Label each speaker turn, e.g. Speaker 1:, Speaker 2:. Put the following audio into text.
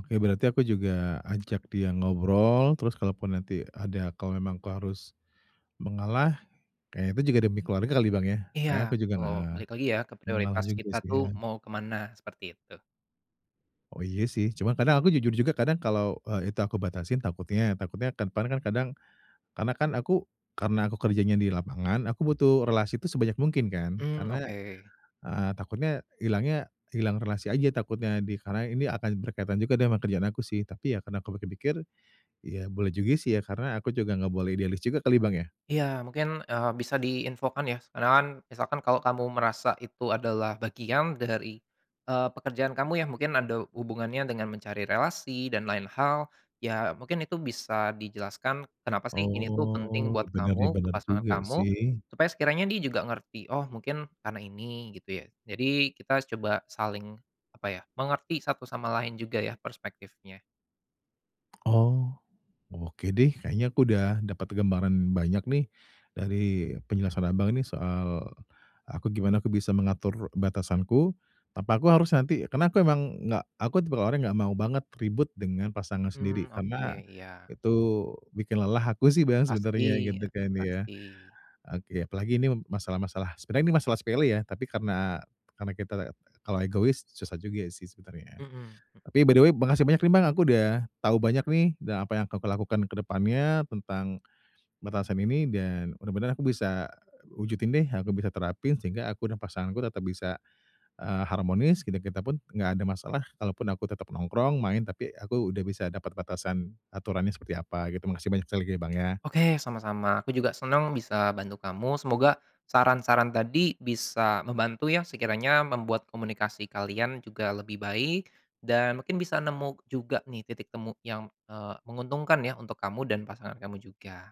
Speaker 1: Oke berarti aku juga ajak dia ngobrol, terus kalaupun nanti ada kalau memang aku harus mengalah, kayaknya itu juga demi keluarga kali Bang ya,
Speaker 2: Iya
Speaker 1: kayaknya aku juga,
Speaker 2: betul,
Speaker 1: eee,
Speaker 2: balik lagi ya ke
Speaker 1: mengalah
Speaker 2: prioritas
Speaker 1: juga,
Speaker 2: kita tuh
Speaker 1: kasian.
Speaker 2: mau ke mana, seperti itu.
Speaker 1: Oh iya sih, cuman kadang aku jujur juga kadang kalau, eee, itu aku batasin takutnya takutnya ke depan kan kadang karena kan aku, karena aku kerjanya di lapangan, aku butuh relasi itu sebanyak mungkin kan,
Speaker 2: Mmm,
Speaker 1: karena,
Speaker 2: oke.
Speaker 1: eee, takutnya hilangnya hilang relasi aja takutnya, di karena ini akan berkaitan juga dengan kerjaan aku sih, tapi ya karena aku pikir-pikir, ya boleh juga sih ya karena aku juga nggak boleh idealis juga kali Bang ya.
Speaker 2: Iya mungkin, eee, bisa diinfokan ya, s karena kan misalkan kalau kamu merasa itu adalah bagian dari, eee, pekerjaan kamu ya, mungkin ada hubungannya dengan mencari relasi dan lain hal, ya mungkin itu bisa dijelaskan kenapa sih ini tuh penting
Speaker 1: Oh,
Speaker 2: buat
Speaker 1: bener nih,
Speaker 2: kamu ke
Speaker 1: bener
Speaker 2: pasangan
Speaker 1: juga
Speaker 2: kamu,
Speaker 1: sih.
Speaker 2: supaya sekiranya dia juga ngerti, oh mungkin karena ini gitu ya. Jadi kita coba saling apa ya, mengerti satu sama lain juga ya perspektifnya.
Speaker 1: Oh, oke deh kayaknya aku udah dapet gambaran banyak nih dari penjelasan Abang nih soal aku gimana aku bisa mengatur batasanku, tanpa aku harus nanti karena aku emang gak aku tipe orang gak mau banget ribut dengan pasangan
Speaker 2: Mmm,
Speaker 1: sendiri,
Speaker 2: oke,
Speaker 1: karena
Speaker 2: iya.
Speaker 1: itu bikin lelah aku sih Bang sebenarnya
Speaker 2: Pasti,
Speaker 1: gitu kan ya.
Speaker 2: pasti.
Speaker 1: Oke apalagi ini masalah-masalah sebenernya ini masalah sepele ya tapi karena karena kita la kalau egois susah juga sih sebenarnya.
Speaker 2: Mhm. E
Speaker 1: Tapi by the way makasih banyak nih Bang aku udah tahu banyak nih dan apa yang akan aku lakukan ke depannya tentang batasan ini dan bener-bener aku bisa wujudin deh, aku bisa terapin sehingga aku dan pasanganku tetap bisa, eee, harmonis, kita-kita pun gak ada masalah, kalaupun aku tetep nongkrong, main, tapi aku udah bisa dapet batasan aturannya seperti apa gitu. Makasihh banyak sekali lagi Bang ya.
Speaker 2: Oke sama-sama, aku juga senang bisa bantu kamu, semoga saran-saran tadi bisa membantu ya, sekiranya membuat komunikasi kalian juga lebih baik, dan mungkin bisa nemu juga nih titik temu yang, eee, menguntungkan ya, untuk kamu dan pasangan kamu juga.